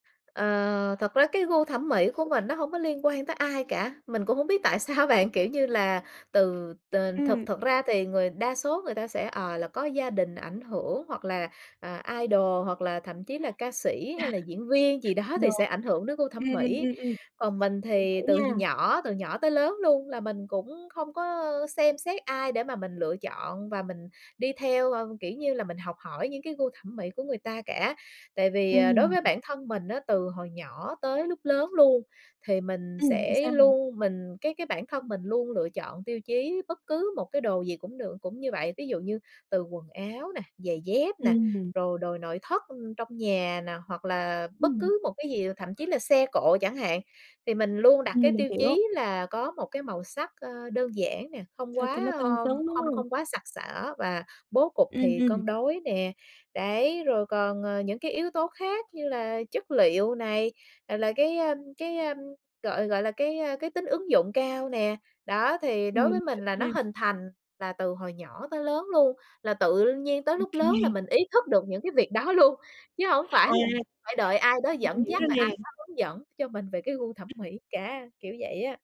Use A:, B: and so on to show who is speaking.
A: Ờ, thật với cái gu thẩm mỹ của mình nó hông có liên quan tới ai cả, mình cũng hông biết tại sao bạn, kiểu, như là từ t
B: Ừm.
A: thực thực ra thì người đa số người ta sẽ, ờ, là có gia đình ảnh hưởng hoặc là, à, idol, hoặc là thậm chí là ca sĩ hay là diễn viên gì đó thì
B: Đúng.
A: sẽ ảnh hưởng đến gu
B: Ừm,
A: thẩm
B: ừm,
A: mỹ.
B: ừm, ừm.
A: Còn mình
B: Mình
A: thì
B: hiểu
A: từ
B: nha.
A: nhỏ từ nhỏ tới lớn luôn là mình cũng không có xem xét ai để mà mình lựa chọn và mình đi theo, ơ, kiểu, như là mình học hỏi những cái gu thẩm mỹ của người ta cả. Tại vì, à, đối
B: Ừm.
A: với bản thân mình á, từ hồi nhỏ tới lúc lớn luôn, thì mình
B: Ừm, thì
A: sẽ
B: sao hả?
A: luôn mình cái cái bản thân mình luôn lựa chọn tiêu chí bất cứ một cái đồ gì cũng được cũng như vậy, ví dụ như từ quần áo nè, giày dép nè,
B: Ừm.
A: rồi đồ nội thất trong nhà nè hoặc là bất
B: Ừm.
A: cứ một cái gì, thậm chí là xe cộ chẳng hạn, thì mình luôn đặt cái
B: Ừm, mình
A: tiêu
B: hiểu.
A: chí là có một cái màu sắc, ơ, đơn giản nè, không
B: Sao cho nó
A: quá,
B: tân
A: ơ,
B: xứng, đúng
A: không
B: hông?
A: không quá sặc sỡ và bố cục
B: Ừm,
A: thì
B: ừm.
A: cân đối nè. Đấy, rồi còn, ờ, những cái yếu tố khác như là chất liệu này, rồi là cái, a, cái, a, gọi gọi là, cái, a, cái tính ứng dụng cao nè, đó, thì đối
B: Mình
A: với
B: hiểu
A: mình là nó
B: nha.
A: hình thành là từ hồi nhỏ tới lớn luôn, là tự nhiên tới
B: Ô
A: lúc lớn là
B: kê.
A: mình ý thức được những cái việc đó luôn, chứ hông phải
B: À.
A: là phải đợi ai đó
B: Mình
A: dẫn
B: hiểu
A: dắt,
B: rồi
A: rồi ai
B: nè.
A: đó hướng dẫn cho mình về cái gu thẩm mỹ cả, kiểu vậy á.